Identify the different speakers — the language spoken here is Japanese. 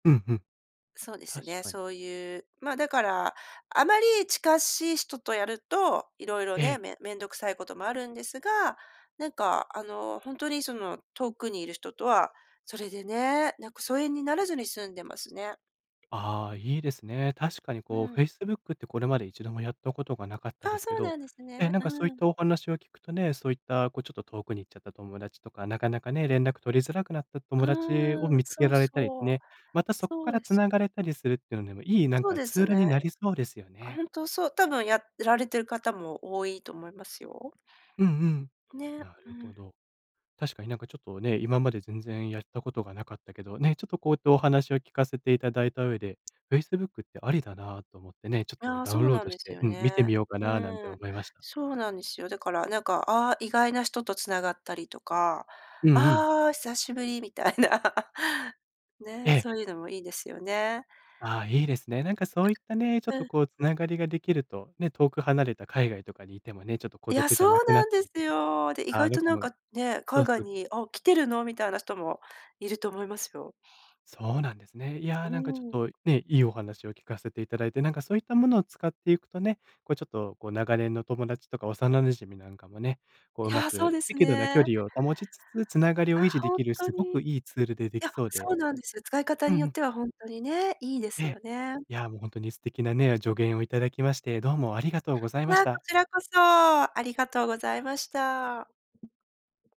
Speaker 1: うん、ふん、
Speaker 2: そうです
Speaker 1: 確
Speaker 2: ね、
Speaker 1: かに。
Speaker 2: そういう、ま、だから、あまりちかしい人とやると色々
Speaker 1: ええ。
Speaker 2: ね、め面倒くさいこともあるんですが、なんかあの、ほんとにその、遠くにいる人とは、それでね、なんか疎遠にならずに済んでますね。
Speaker 1: ああ、いいですね。確かに
Speaker 2: う
Speaker 1: こう、
Speaker 2: ん。
Speaker 1: Facebook ってこれまで一度もやったことがなかったで
Speaker 2: あ、
Speaker 1: すけ
Speaker 2: そう
Speaker 1: ど、
Speaker 2: なんです
Speaker 1: え、
Speaker 2: ね。
Speaker 1: なんかそういっ
Speaker 2: うん。
Speaker 1: たお話を聞くとね、そういったこう、ちょっと遠くに行っちゃった友達とか、なかなかね、連絡取りづらくなった
Speaker 2: あ
Speaker 1: 友達を
Speaker 2: あ、
Speaker 1: 見つけ
Speaker 2: そう、
Speaker 1: られたり
Speaker 2: そう、
Speaker 1: ね、またそこ
Speaker 2: そ
Speaker 1: か
Speaker 2: う
Speaker 1: ら
Speaker 2: です。
Speaker 1: 繋がれたりするっていうのでも、いい、なん
Speaker 2: そう
Speaker 1: か
Speaker 2: で
Speaker 1: ツ
Speaker 2: す
Speaker 1: ールに
Speaker 2: ね。
Speaker 1: なりそうですよ
Speaker 2: あ、
Speaker 1: ね。
Speaker 2: ほんとそう、多分やられてる方も多いと思いますよ。
Speaker 1: うんうん。
Speaker 2: ね、
Speaker 1: な
Speaker 2: う
Speaker 1: るほ
Speaker 2: ん。
Speaker 1: ど。確かになんかちょっとね、今まで全然やったことがなかったけど、ね、ちょっとこうやってお話を聞かせていただいた上で、Facebook ってありだなと思ってね、ちょっと
Speaker 2: ああ、
Speaker 1: ダ
Speaker 2: そ
Speaker 1: ウン
Speaker 2: う
Speaker 1: ロー
Speaker 2: なん
Speaker 1: ドし
Speaker 2: です
Speaker 1: て
Speaker 2: よ
Speaker 1: うん、見て
Speaker 2: ね。
Speaker 1: みようかななんて
Speaker 2: うん、
Speaker 1: 思いました。
Speaker 2: そうなんですよ。だから、なんか、ああ、意外な人と繋がったりとか
Speaker 1: うんうん。
Speaker 2: 「ああ、久しぶり」みたいな。
Speaker 1: え
Speaker 2: ね、
Speaker 1: え。
Speaker 2: そういうのもいいですよね。
Speaker 1: ああ、いいですね。なんかそういったね、ちょっ
Speaker 2: う
Speaker 1: と
Speaker 2: ん。
Speaker 1: こう繋がりができると、ね、遠く離れた海外とかにいてもね、ちょっと孤
Speaker 2: いや、
Speaker 1: 独じ
Speaker 2: そ
Speaker 1: ゃな
Speaker 2: う
Speaker 1: くなっ
Speaker 2: なん
Speaker 1: た
Speaker 2: で
Speaker 1: り
Speaker 2: す
Speaker 1: とか、
Speaker 2: よ。で、意
Speaker 1: あ
Speaker 2: 外
Speaker 1: の
Speaker 2: と
Speaker 1: こ
Speaker 2: なん
Speaker 1: も
Speaker 2: かね、
Speaker 1: そ
Speaker 2: 海
Speaker 1: うそ
Speaker 2: 外
Speaker 1: う。
Speaker 2: に「あ、来てるの？」みたいな人もいると思いますよ。
Speaker 1: そうなんですね。いや、
Speaker 2: う
Speaker 1: なんかちょっ
Speaker 2: ーん。
Speaker 1: とね、いいお話を聞かせて頂いて、なんかそういったものを使っていくとね、こう、ちょっとこう、長年の友達とか幼馴染みなんかもね、こ
Speaker 2: い
Speaker 1: う、上手
Speaker 2: や、そう
Speaker 1: く
Speaker 2: です
Speaker 1: 適度な距
Speaker 2: ね。
Speaker 1: 離を保ちつつ繋がりを維
Speaker 2: あ、
Speaker 1: 持で
Speaker 2: ほん
Speaker 1: きる、
Speaker 2: と
Speaker 1: すご
Speaker 2: に。い
Speaker 1: くいいツールででき
Speaker 2: や、
Speaker 1: そう
Speaker 2: そ
Speaker 1: で
Speaker 2: うなんです、使い方
Speaker 1: うん
Speaker 2: に
Speaker 1: う
Speaker 2: よっ
Speaker 1: ん。
Speaker 2: てはほんとにね、いいで
Speaker 1: え
Speaker 2: す
Speaker 1: え。
Speaker 2: よね。
Speaker 1: いや、もうほんとに素敵なね、助言をいただきまして、どうもありがとうござい
Speaker 2: い
Speaker 1: まし
Speaker 2: や、こ
Speaker 1: た。
Speaker 2: ちらこそ、ありがとうございました。